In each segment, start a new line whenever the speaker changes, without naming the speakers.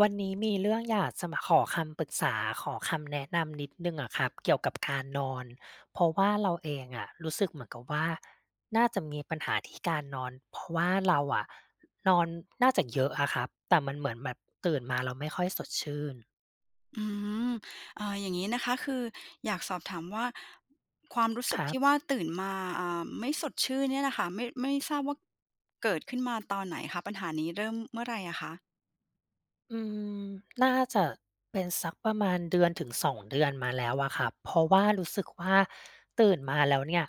วันนี้มีเรื่อง อยากจะมาขอคำปรึกษา ขอคำแนะนำนิดหนึ่งอะครับ เกี่ยวกับ การนอน เพราะว่าเราเองอะรู้สึกเหมือนกับว่า น่าจะมีปัญหาที่การนอน เพราะว่า เราอะ นอนน่าจะเยอะอะครับ แต่มันเหมือนแบบตื่นมา แล้วไม่ค่อยสดชื่น
อืม อ่า อย่างงี้นะคะ คืออยากสอบถามว่าความรู้สึ
ค
ก
รั
ที
บ
่ว่า ตื่นมา อ่า ไม่สดชื่นเนี่ยน่ะค่ะ ไม่ ไม่ทราบว่า เกิดขึ้นมาตอนไหนคะ? ปัญหานี้เริ่มเมื่อไรอะคะ?
อืม น่าจะเป็นสักประมาณ 1-2 เดือนมาแล้วอะครับ เพราะว่ารู้สึกว่า ตื่นมาแล้วเนี่ย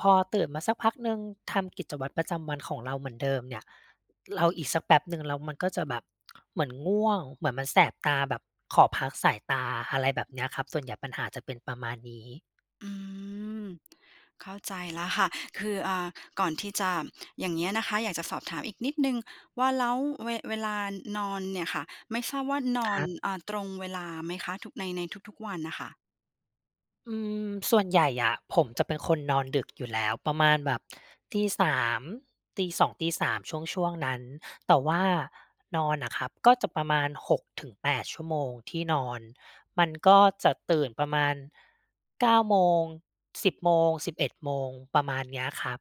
พอตื่นมาสักพักหนึ่ง ทำกิจวัตรประจำวันของเราเหมือนเดิมเนี่ย เราอีกสักแป๊บหนึ่ง แล้วมันก็จะแบบ เหมือนง่วง เหมือนมันแสบตา แบบขอพักสายตา อะไรแบบเนี้ยครับ ส่วนใหญ่ปัญหาจะเป็นประมาณนี้
อืม เข้าใจแล้วค่ะ คือ อ่า ก่อนที่จะ อย่างเงี้ยนะคะ อยากจะสอบถามอีกนิดหนึ่งว่า แล้วเว เวลานอนเนี่ยค่ะ ไม่ทราบว่าน
ค
อน
รับ
อ่า ตรงเวลาไหมคะ ทุกใน ในทุก ๆ วันน่ะค่ะ?
อืม ส่วนใหญ่อะ ผมจะเป็นคนนอนดึกอยู่แล้ว ประมาณแบบ 3:00 2:00-3:00 ช่วง ๆ นั้น แต่ว่านอนน่ะครับก็จะประมาณ 6-8 ชั่วโมงที่นอน มันก็จะตื่นประมาณ 9 โมง 10 โมง 11 โมง ประมาณเนี้ยครับ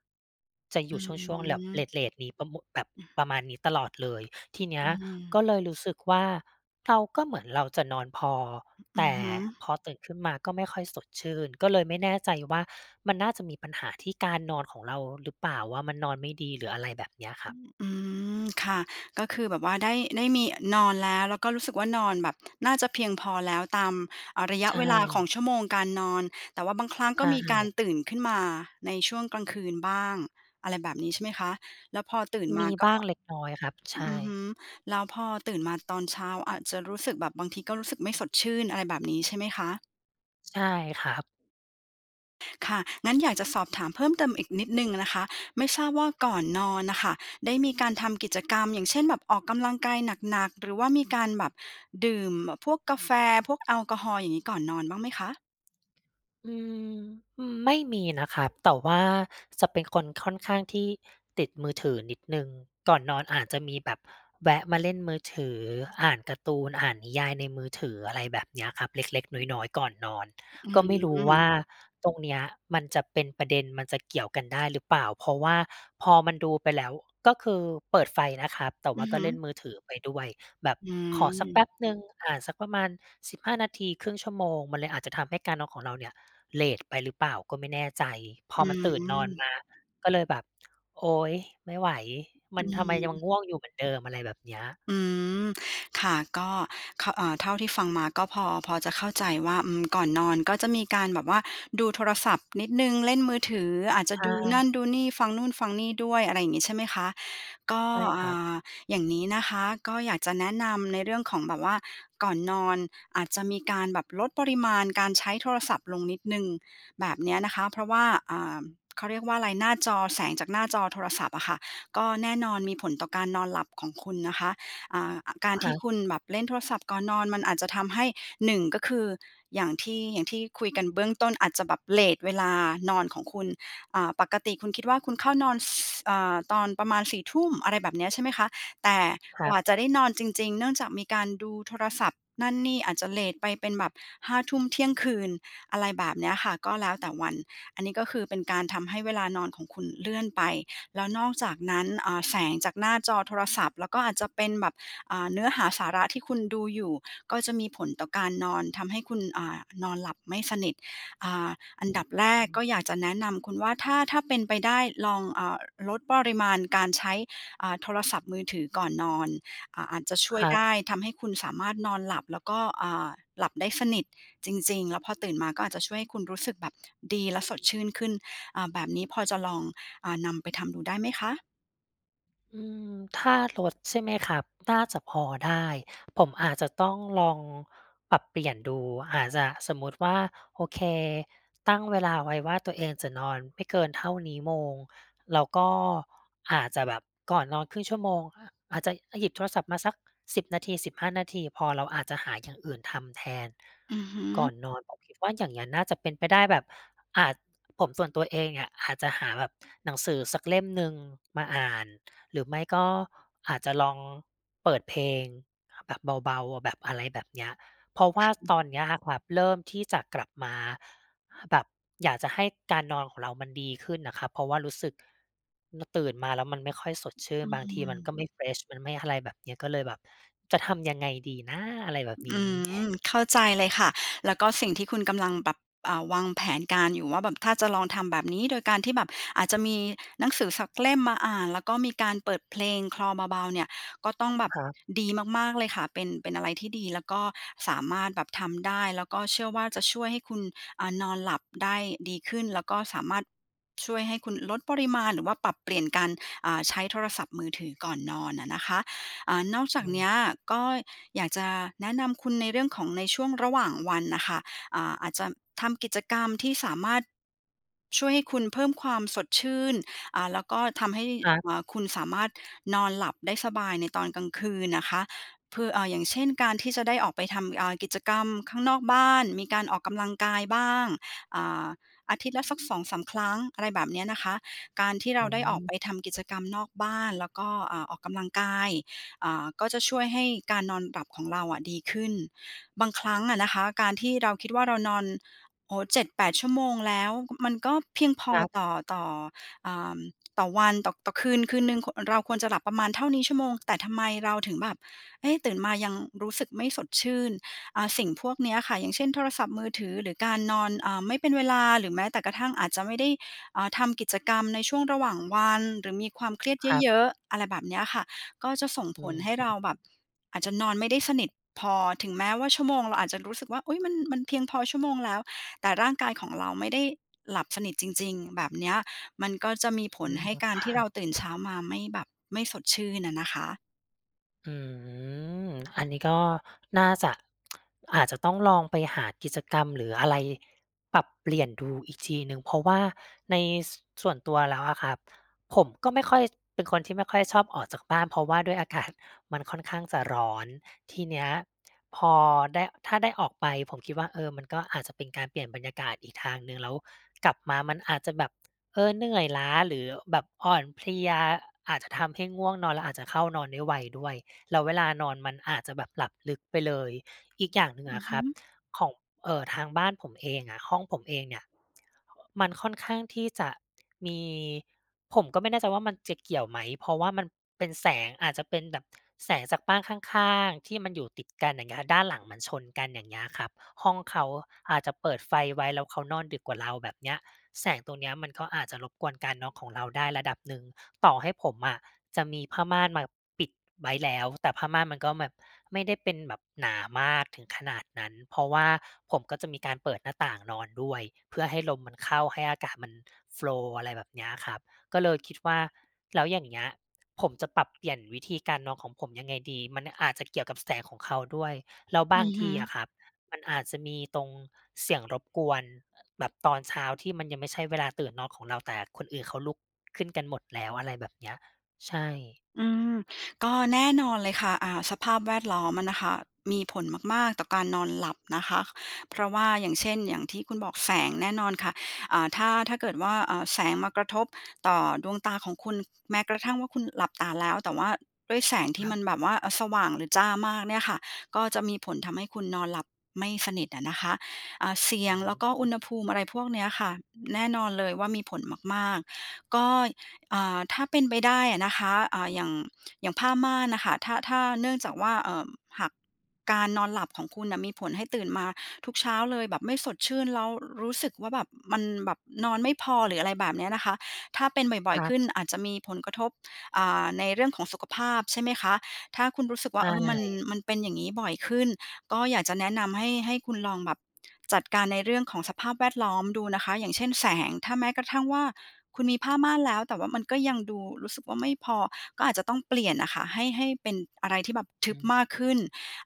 จะอ
อ
ยู่ช่วง ๆ แบบ เ
ืม
รต ๆ นี้ ประมุ แบบ
อื
ป
อ
ระมาณนี้ตลอดเลย ทีเนี้
อื
ยก
ม
็เลยรู้สึกว่า เรา ก็เหมือนเราจะนอนพอ
อ
แ
ื
ต
อ
่
ฮึ
พอตื่นขึ้นมาก็ไม่ค่อยสดชื่น ก็เลยไม่แน่ใจว่า มันน่าจะมีปัญหาที่การนอนของเราหรือเปล่าว่า มันนอนไม่ดี หรืออะไรแบบเนี้ยค
อ
รั
ื
บ?
อ อืม ค่ะ ก็คือแบบว่าได้ ได้มี นอนแล้ว แล้วก็รู้สึกว่า นอนแบบ น่าจะเพียงพอแล้วตาม อา ระยะ
ใช
เวลาขอ
่
งชั่วโมงการนอน แต่ว่าบางครั้ง
ใช
ก็มีการ
่
ตื่นขึ้นมาในช่วงกลางคืนบ้าง อะไรแบบนี้ใช่ไหมคะ? แล้วพอตื่น
ม
มา
ี
ก็
บ้างเล็กน้อยครับ ใช
อือฮึ
่
แล้วพอตื่นมาตอนเช้าอาจจะรู้สึกแบบบางทีก็รู้สึกไม่สดชื่น อะไรแบบนี้ใช่ไหมคะ?
ใช่ครับ
ค่ะ งั้นอยากจะสอบถามเพิ่มเติมอีกนิดหนี่งนะคะ ไม่ทราบว่าก่อนนอนน่ะค่ะ ได้มีการทำกิจกรรม อย่างเช่นแบบ ออกกำลังกายหนัก ๆ หรือว่ามีการแบบดื่มแบบพวกกาแฟ พวกแอลกอฮอล์ อย่างงี้ ก่อนนอนบ้างไหมคะ?
อืม อืม ไม่มีนะครับ แต่ว่าจะเป็นคนค่อนข้างที่ติดมือถือนิดหนึ่ง ก่อนนอนอาจจะมีแบบแวะมาเล่นมือถือ อ่านการ์ตูน อ่านนิยายในมือถือ อะไรแบบเนี้ยครับ เล็ก ๆ น้อย ๆ ก่อนนอน
อื
ก็ไม่รู้ว่
ม
าตรงเนี้ยมันจะเป็นประเด็น มันจะเกี่ยวกันได้หรือเปล่า? เพราะว่าพอมันดูไปแล้ว ก็คือเปิดไฟนะครับ แต่
อ
ว่
ื
า
อ
ก
ฮ
็
ึ
เล่นมือถือไปด้วย แบบ
อื
ขอสักแป
ม
๊บหนึ่ง อ่า สักประมาณ 15 นาที 1/2 ชั่วโมง มันเลยอาจจะทำการนอนของเราเนี่ย เลตไปหรือเปล่าก็ไม่แน่ใจ พ
อ
อ
ื
มันตื่นนอน
ม
มา ก็เลยแบบ โอ๊ย! ไม่ไหว!
อ
มั
ื
นทำไมยัง
ม
ง่วงอยู่เหมือนเดิม? อะไรแบบเนี้ย
อืม ค่ะ ก็ขะ เอ่อ เท่าที่ฟังมาก็พอ พอจะเข้าใจว่า อืม ก่อนนอนก็จะมีการแบบว่า ดูโทรศัพท์นิดหนึ่ง เล่นมือถือ อาจจ
ใ
ะ
ช
ดูนั
่
่นดูนี่ ฟังนู่นฟังนี่ด้วย อะไรอย่างงี้ใช่ไหมคะ? ก็
ใช่
อ
ค
่
รับ
า อย่างนี้นะคะ ก็อยากจะแนะนำในเรื่องของแบบว่า ก่อนนอนอาจจะมีการแบบลดปริมาณการใช้โทรศัพท์ลงนิดหนี่ง แบบเนี้ยนะคะ เพราะว่า อ่า เขาเรียกว่าอะไร หน้าจอ แสงจากหน้าจอโทรศัพท์อะค่ะ ก็แน่นอนมีผลต่อการนอนหลับของคุณนะคะ อ่า อ การ
ค
ท
ร
ี
ั
่
บ
คุณแบบเล่นโทรศัพท์ก่อนนอน มันอาจจะทำให้ 1 ก็คือ อย่างที่ อย่างที่คุยกันเบื้องต้น อาจจะแบบเลตเวลานอนของคุณ อ่า ปกติคุณคิดว่าคุณเข้านอน ซ เอ่อ ตอนประมาณ 4 ทุ่ม อะไรแบบเนี้ย ใช่ไหมคะ แต่
คร
ก
ั
ว่
บ
าจะได้นอนจริง ๆ เนื่องจากมีการดูโทรศัพท์นั่นนี่ อาจจะเลตไปเป็นแบบ 5 ทุ่ม เที่ยงคืน อะไรแบบเนี้ยค่ะ ก็แล้วแต่วัน อันนี้ก็คือ เป็นการทำให้เวลานอนของคุณเลื่อนไป แล้วนอกจากนั้น อ่า แสงจากหน้าจอโทรศัพท์ แล้วก็อาจจะเป็นแบบ อ่า เนื้อหาสาระที่คุณดูอยู่ ก็จะมีผลต่อการนอน ทำให้คุณ อ่า นอนหลับไม่สนิท อ่า อั
อ
น
ื้
ด
อ
ับแร
ฮ
ก
ื
ก็
อ
อยากจะแนะนำคุณว่า ถ้า ถ้าเป็นไปได้ ลอง อ่า ล ลดปริมาณการใช้ อ่า โทรศัพท์มือถือก่อนนอน อ่า อาจจะช่ว
ค
ย
รั
ไ
บ
ด้ ทำให้คุณสามารถนอนหลับ แล้วก็ อ่า หลับได้สนิทจริง ๆ แล้วพอตื่นมา ก็อาจจะช่วยให้คุณรู้สึกแบบดีและสดชื่นขึ้น อ่า แบบนี้พอจะลอง อ่า นำไปทำดูได้ไหมคะ?
อืม ถ้าลด ใช่ไหมครับ น่าจะพอได้ ผมอาจจะต้องลองปรับเปลี่ยนดู อาจจะสมมุติว่า โอเค ตั้งเวลาไว้ว่าตัวเองจะนอนไม่เกินเท่านี้โมง เราก็อาจจะแบบก่อนนอน 1/2 ชั่วโมง อาจจะหยิบโทรศัพท์มาสัก 10 นาที 15 นาทีพอ เราอาจจะหาอย่างอื่นทำแทน
อือฮึ
ก่อนนอน ผมคิดว่าอย่างงั้นน่าจะเป็นไปได้แบบ อ่า ผมส่วนตัวเองเนี่ย อาจจะหาแบบหนังสือสักเล่มหนึ่งมาอ่าน หรือไม่ก็อาจจะลองเปิดเพลงแบบเบา ๆ แบบอะไรแบบเนี้ย เพราะว่าตอนนี้อะครับ เริ่มที่จะกลับมา แบบอยากจะให้การนอนของเรามันดีขึ้นน่ะครับ เพราะว่ารู้สึก น ตื่นมาแล้วมันไม่ค่อยสดชื่
อ
น
ื
บางทีมัน
ม
ก็ไม่ เฟรช มันไม่อะไรแบบเนี้ย ก็เลยแบบจะทำยังไงดีนะ? อะไรแบบน
อื
ี้
ม เข้าใจเลยค่ะ แล้วก็สิ่งที่คุณกำลังแบบ อ่า วางแผนการอยู่ว่า แบบถ้าจะลองทำแบบนี้ โดยการที่แบบอาจจะมีหนังสือสักเล่มมาอ่าน แล้วก็มีการเปิดเพลงคลอเบา ๆ เนี่ย ก็ต้องแบบ
ครับ
ดีมาก ๆ เลยค่ะ เป็น เป็นอะไรที่ดี แล้วก็สามารถแบบทำได้ แล้วก็เชื่อว่า จะช่วยให้คุณ อ่า นอนหลับได้ดีขึ้น แล้วก็สามารถช่วยให้คุณลดปริมาณหรือว่าปรับเปลี่ยนการ อ่า ใช้โทรศัพท์มือถือก่อนนอนอะนะคะ อ่า นอกจา
อ
ก
ื
เน
ม
ี้ยก็อยากจะแนะนำคุณในเรื่องของในช่วงระหว่างวันน่ะค่ะ อ่า อาจจะทำกิจกรรมที่สามารถ ช่วยให้คุณเพิ่มความสดชื่น อ่า แล้วก็ทำให้
ครับ
อ่า คุณสามารถนอนหลับได้สบายในตอนกลางคืนนะคะ คือ เอ่อ อย่างเช่นการที่จะได้ออกไปทำ อ่า กิจกรรมข้างนอกบ้าน มีการออกกำลังกายบ้าง อ่า อาทิตย์ละสัก 2-3 ครั้ง อะไรแบบเนี้ยนะคะ การที่เ
อ
ร
ื
าได้ออกไป
ม
ทำกิจกรรมนอกบ้าน แล้วก็ อ่า ออกกำลังกาย อ่า ก็จะช่วยให้การนอนหลับของเราอะดีขึ้น บางครั้งอะนะคะ การที่เราคิดว่า เรานอน โอ้โฮ 7-8 ชั่วโมงแล้ว มันก็เพียงพ
ค
อ
รับ
ต่อ ต่อ อ่า ต่อวัน ต่อ ต่อคืน คืนหนึ่ง ค เราควรจะหลับประมาณเท่านี้ชั่วโมง แต่ทำไมเราถึงแบบ เอ๊ะ ตื่นมายังรู้สึกไม่สดชื่น? อา สิ่งพวกเนี้ยค่ะ อย่างเช่น โทรศัพท์มือถือหรือการนอน อ่า ไม่เป็นเวลาหรือแม้แต่กระทั่งอาจจะไม่ได้ อ่า ทำกิจกรรมในช่วงระหว่างวันหรือมีความเครียด
ครับ
เยอะ ๆ อะไรแบบเนี้ยค่ะ ก็จะส่ง
อ
ผ
ื
ลให้เรา
ม
แบบ อาจจะนอนไม่ได้สนิทพอ ถึงแม้ว่าชั่วโมงเราอาจจะรู้สึกว่า อุ๊ย มัน มันเพียงพอชั่วโมงแล้ว แต่ร่างกายของเราไม่ได้หลับสนิทจริง ๆ แบบเนี้ย มันก็จะมีผ
อื
ล
ม
ให้การที่
คร
เร
ั
า
บ
ตื่น เช้ามาไม่แบบ ไม่สดชื่นอะนะคะ
อืม อันนี้ก็น่าจะ อาจจะต้องลองไปหากิจกรรมหรืออะไรปรับเปลี่ยนดูอีกทีหนึ่ง เพราะว่าใน ส ส่วนตัวแล้วอะครับ ผมก็ไม่ค่อย เป็นคนที่ไม่ค่อยชอบออกจากบ้าน เพราะว่าด้วย อากาศ มันค่อนข้างจะร้อน ทีเนี้ยพอได้ ถ้าได้ออกไปผมคิดว่า เออ มันก็อาจจะเป็นการเปลี่ยนบรรยากาศอีกทางหนึ่ง แล้วกลับมามันอาจจะแบบ เออ เหนื่อยล้าหรือแบบอ่อนเพลียอาจจะทำให้ง่วงนอน แล้วอาจจะเข้านอนได้ไวด้วย แล้วเวลานอนมันอาจจะแบบหลับลึกไปเลย อีกอย่างหนึ่ง
อ
อ
ือ
ะ
ฮ
คร
ึ
ับ ของ เอ่อ ทางบ้านผมเองอะ ห้องผมเองเนี่ย มันค่อนข้างที่จะมี ผมก็ไม่แน่ใจว่ามันจะเกี่ยวไหม? เพราะว่ามันเป็นแสง อาจจะเป็นแบบแสงจากบ้านข้าง ๆ ที่มันอยู่ติดกัน อย่างเงี้ย ด้านหลังมันชนกัน อย่างเงี้ยครับ ห้องเขาอาจจะเปิดไฟไว้ แล้วเขานอนดึกกว่าเรา แบบเนี้ย แสงตรงเนี้ยมันก็อาจจะรบกวนการนอนของเราได้ระดับหนึ่ง ต่อให้ผมอะจะมีผ้าม่านมาปิดไว้แล้ว แต่ผ้าม่านมันก็แบบไม่ได้เป็นแบบหนามากถึงขนาดนั้น เพราะว่าผมก็จะมีการเปิดหน้าต่างนอนด้วย เพื่อให้ลมมันเข้า ให้อากาศมัน โฟลว์ อะไรแบบเนี้ยครับ ก็เลยคิดว่าแล้วอย่างเงี้ย ผมจะปรับเปลี่ยนวิธีการนอนของผมยังไงดี มันอาจจะเกี่ยวกับแสงของเขาด้วย แล้วบ
อื
าง
อฮ
ท
ึ
ีอะครับ มันอาจจะมีตรงเสียงรบกวนแบบตอนเช้าที่มันยังไม่ใช่เวลาตื่นนอนของเรา แต่คนอื่นเขาลุกขึ้นกันหมดแล้ว อะไรแบบเนี้ย ใช่
อืม ก็แน่นอนเลยค่ะ อ่า สภาพแวดล้อมอะนะคะ มีผลมาก ๆ ต่อการนอนหลับนะคะ เพราะว่า อย่างเช่น อย่างที่คุณบอกแสงแน่นอนค่ะ อ่า ถ้า ถ้าเกิดว่า อ่า แสงมากระทบต่อดวงตาของคุณ แม้กระทั่งว่าคุณหลับตาแล้ว แต่ว่าด้วยแสงท
ค
ี่
รั
มัน
บ
แบบว่า เออ สว่างหรือจ้ามากเนี่ยค่ะ ก็จะมีผลทำให้คุณนอนหลับไม่สนิทอะนะคะ อ่า เสี
อ
ย
ื
งแล้วก็อุ
ม
ณหภูมิ อะไรพวกเนี้ยค่ะ แน่นอนเลยว่ามีผลมาก ๆ ก็ อ่า ถ้าเป็นไปได้อะนะคะ อ่า อย่าง อย่างผ้าม่านน่ะค่ะ ถ้า ถ้า เนื่องจากว่า เอ่อ หากการนอนหลับของคุณน่ะมีผลให้ตื่นมาทุกเช้าเลย แบบไม่สดชื่น แล้วรู้สึกว่า แบบมันแบบนอนไม่พอ หรืออะไรแบบเนี้ยนะคะ ถ้าเป็นบ่
ค
อย
รั
ๆ ข
บ
ึ้นอาจจะมีผลกระทบ อ่า ในเรื่องของสุขภาพ ใช่ไหมคะ ถ้าคุณรู้สึก
ใช
ว่า เออ มัน
่
มันเป็นอย่างงี้บ่อยขึ้น ก็อยากจะแนะนำให้ ให้คุณลองแบบจัดการในเรื่องของสภาพแวดล้อมดูนะคะ อย่างเช่น แสง ถ้าแม้กระทั่งว่า คุณมีผ้าม่านแล้ว แต่ว่ามันก็ยังดูรู้สึกว่าไม่พอ ก็อาจจะต้องเปลี่ยนน่ะค่ะ ให้ ให้เป็นอะไรที่แบบท
อ
ึ
ื
บ
ม
มากขึ้น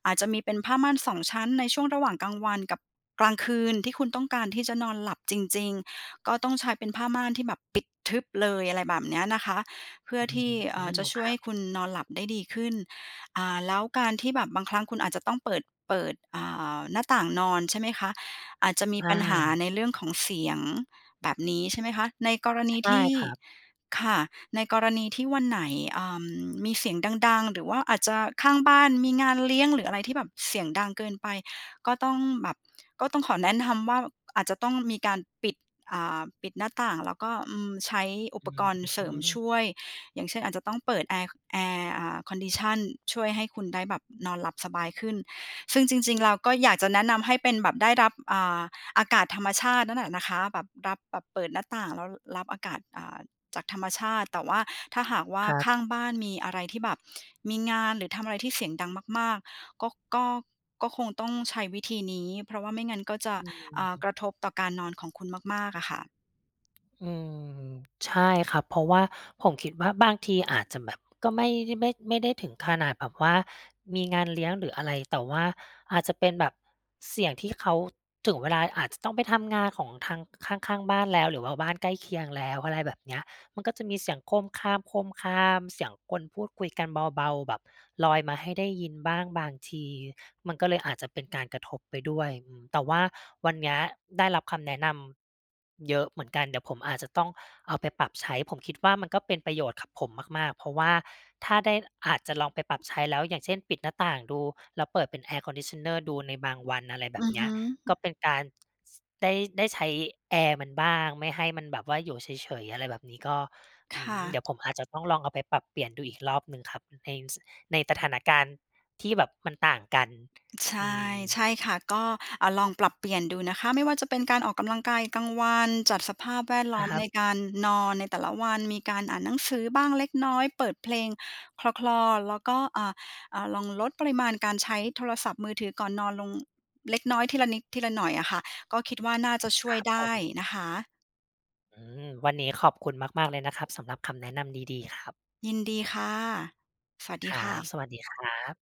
อาจจะมีเป็นผ้าม่านสองชั้นในช่วงระหว่างกลางวันกับกลางคืน ที่คุณต้องการที่จะนอนหลับจริง ๆ ก็ต้องใช้เป็นผ้าม่านที่แบบปิดทึบเลย อะไรแบบเนี้ยนะคะ เพื่อ
อื
ท
อ
ี
ฮ
่
ึ
เอ่อ จะช่
ค
วย
รั
ให้
บ
คุณนอนหลับได้ดีขึ้น อ่า แล้วการที่แบบบางครั้งคุณอาจจะต้องเปิด เปิด อ่า หน้าต่างนอน ใช่ไหมคะ อาจจะ
ใ
ม
ช
ีปัญหา
่
ในเรื่องของเสียง แบบนี้ใช่ไหมคะ ในกรณ
ใช
ี
่
ที่
ครับ
ค่ะ ในกรณีที่วันไหน อ่า มีเสียงดัง ๆ หรือว่าอาจจะข้างบ้านมีงานเลี้ยง หรืออะไรที่แบบเสียงดังเกินไป ก็ต้องแบบ ก็ต้องขอแนะนำว่าอาจจะต้องมีการปิด อ่า ปิดหน้าต่าง แล้วก็ อืม ใช้อุ
อื
ปกรณ์เสริมช
ม
่วย อย่างเช่น อาจจะต้องเปิดแอร์ แอร์ อ่า condition ช่วยให้คุณได้แบบนอนหลับสบายขึ้น ซึ่งจริง ๆ เราก็อยากจะแนะนำให้เป็นแบบได้รับ อ่า อากาศธรรมชาตินั่นแหละนะคะ แบบรับ แบบเปิดหน้าต่างแล้วรับอากาศ อ่า จากธรรมชาติ แต่ว่าถ้าหากว่า
ครับ
ข้างบ้านมีอะไรที่แบบมีงาน หรือทำอะไรที่เสียงดังมาก ๆ ก็ ก็ ก็คงต้องใช้วิธีนี้ เพราะว่าไม่งั้นก็จะ
อื
อ่า ก
ม
ระทบต่อการนอนของคุณมาก ๆ อะค่ะ
อืม ใช่ครับ เพราะว่าผมคิดว่า บางทีอาจจะแบบก็ไม่ได้ ไม่ ไม่ได้ถึงขนาดแบบว่ามีงานเลี้ยงหรืออะไร แต่ว่าอาจจะเป็นแบบเสียงที่ เขา ถึงเวลาอาจจะต้องไปทำงานของทางข้าง ๆ บ้านแล้ว หรือว่าบ้านใกล้เคียงแล้ว อะไรแบบเนี้ย มันก็จะมีเสียงโครมคราม ๆ เสียงคนพูดคุยกันเบา ๆ แบบลอยมาให้ได้ยินบ้างบางที มันก็เลยอาจจะเป็นการกระทบไปด้วย อืม แต่ว่าวันเนี้ยได้รับคำแนะนำ เยอะเหมือนกัน เดี๋ยวผมอาจจะต้องเอาไปปรับใช้ ผมคิดว่า มันก็เป็นประโยชน์กับผมมาก ๆ เพราะว่าถ้าได้ อาจจะลองไปปรับใช้แล้ว อย่างเช่น ปิดหน้าต่างดู แล้วเปิดเป็น air conditioner ดูในบางวัน อะไรแบ
อื
บ
อ
เน
ฮ
ี้ย
ึ
ก็เป็นการได้ ได้ใช้แอร์มันบ้างไม่ให้มันแบบว่าอยู่เฉย ๆ อะไรแบบนี้ ก็
ค
อื้อ
่
ฮื
ะ
อ เดี๋ยวผมอาจจะต้องลองเอาไปปรับเปลี่ยนดูอีกรอบหนึ่งครับ ใน ส ในสถานการณ์ที่แบบมันต่างกัน
ใช
อื
่ ใ
ม
ช่ค่ะ ก็ อ่า ลองปรับเปลี่ยนดูนะคะ ไม่ว่าจะเป็นการออกกำลังกายกลางวัน จัดสภาพแวดล
อา
้อม
ครั
ใน
บ
การนอนในแต่ละวัน มีการอ่านหนังสือบ้างเล็กน้อย เปิดเพลงคลอ ๆ แล้วก็ อ่า อ่า ลองลดปริมาณการใช้โทรศัพท์มือถือก่อนนอนลง เล็กน้อย ทีละนิดทีละหน่อยอะค่ะ ก็คิดว่าน่าจะช่
ค
ว
ร
ย
ับ
ได
ผ
้
ม
นะคะ
อืม วันนี้ขอบคุณมาก ๆ เลยนะครับ สำหรับคำแนะนำดี ๆ ครับ
ยินดีค่ะ สวัส
ค
ดี
รั
ค่
บ
ะ
สวัสดีครับ